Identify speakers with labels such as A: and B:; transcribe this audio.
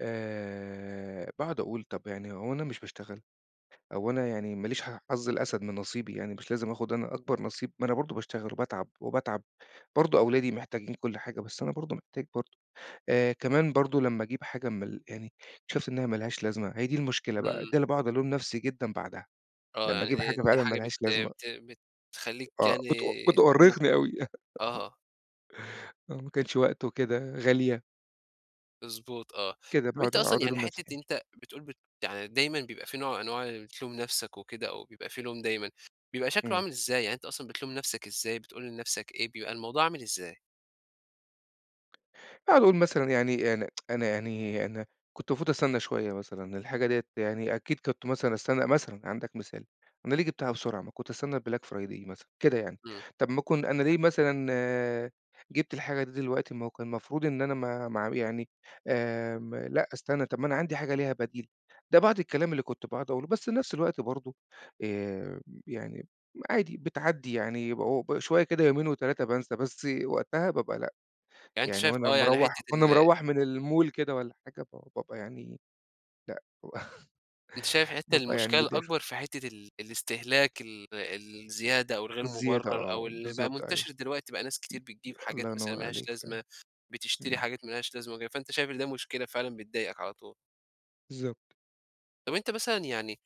A: آآ باقعد أقول طَب يعني هو أنا مش باشتغل، أو أنا يعني ما ليش حظ الأسد من نصيبي يعني مش لازم آخد أنا أكبر نصيب، ما أنا برضه باشتغل وباتعب وباتعب، برضه أولادي محتاجين كلّ حاجة بس أنا برضه محتاج برضه، آآ كمان برضه لمّا أجيب حاجة من ال يعني، شُفت إن هي ما لهاش لازمة، هي دي المشكلة بقى، ده
B: إمم.
A: اللي باقعد الوم نفْسي جدًا بعدها،
B: آه
A: لمّا
B: يعني
A: أجيب حاجة
B: د دي
A: فعلًا ما
B: حاجة بت
A: لهاش لازمة
B: بت بتخلّيك
A: آه
B: يعني
A: بتأ بتأرّقني
B: [unintelligible]
A: أوي.
B: آه.
A: آه، ما كانش وقته وكده غالية.
B: مضبوط آه،
A: كده
B: طَب أنت
A: باقعد
B: أصلًا
A: اقعد
B: يعني
A: ألوم
B: حتّة
A: نفْسي.
B: أنت بتقول بت يعني دايمًا بيبقى في نوع من أنواع اللي بتلوم نفْسك وكده، أو بيبقى في لوم دايمًا، بيبقى شكله
A: إمم.
B: عامل إزاي؟ يعني أنت أصلًا بتلوم نفْسك إزاي بتقول لنفْسك إيه، بيبقى الموضوع عامل إزاي؟
A: باقعد أقول مثلًا يعني أنا أنا يعني، أنا كنت المفروض أستنى شويّة مثلًا، الحاجة ديّة يعني أكيد كنت مثلًا أستنى مثلًا عندك مثال، أنا ليه جِبتها بسرعة ما كنت أستنى الBlack Friday مثلًا، كده يعني،
B: إمم.
A: طَب ما كن أنا ليه مثلًا جِبت الحاجة دي دلوقتي، ما هو كان المفروض إن أنا ما ما اع يعني، آمم لأ أستنى طَب ما أنا عندي حاجة ليها بديل، ده بعض الكلام اللي كنت باقعد أقوله، بس في نفْس الوقت برضه آآ، يعني عادي بتعدّي يعني بعو ب شويّة كده يومين و3 بانسى، بس وقتها بابقى لأ،
B: يعني أنت
A: يعني
B: شايف
A: وأنا
B: آه، يعني
A: مروّح
B: حتّة
A: وأنا
B: ال
A: مروّح من المول كده والّا حاجة ب بابقى يعني لأ،
B: أنت شايف حتّة
A: بابقى يعني
B: المشكلة
A: متضايق شويّة.
B: الأكبر في حتّة ال الاستهلاك ال الزيادة، أو الغير
A: الزيادة
B: مبرّر، أو
A: آه،
B: اللي بقى
A: بالضبط أيوه.
B: منتشر دلوقتي بقى ناس كتير بتجيب حاجات
A: الله
B: مثلًا
A: ينوّر
B: ما لهاش
A: عليك فعلًا.
B: لازمة، بتشتري
A: إمم.
B: حاجات ما لهاش لازمة وكده، فأنت شايف إن ده مشكلة فعلًا بتضايقك على طول.
A: بالضبط.
B: طب أنت مثلًا يعني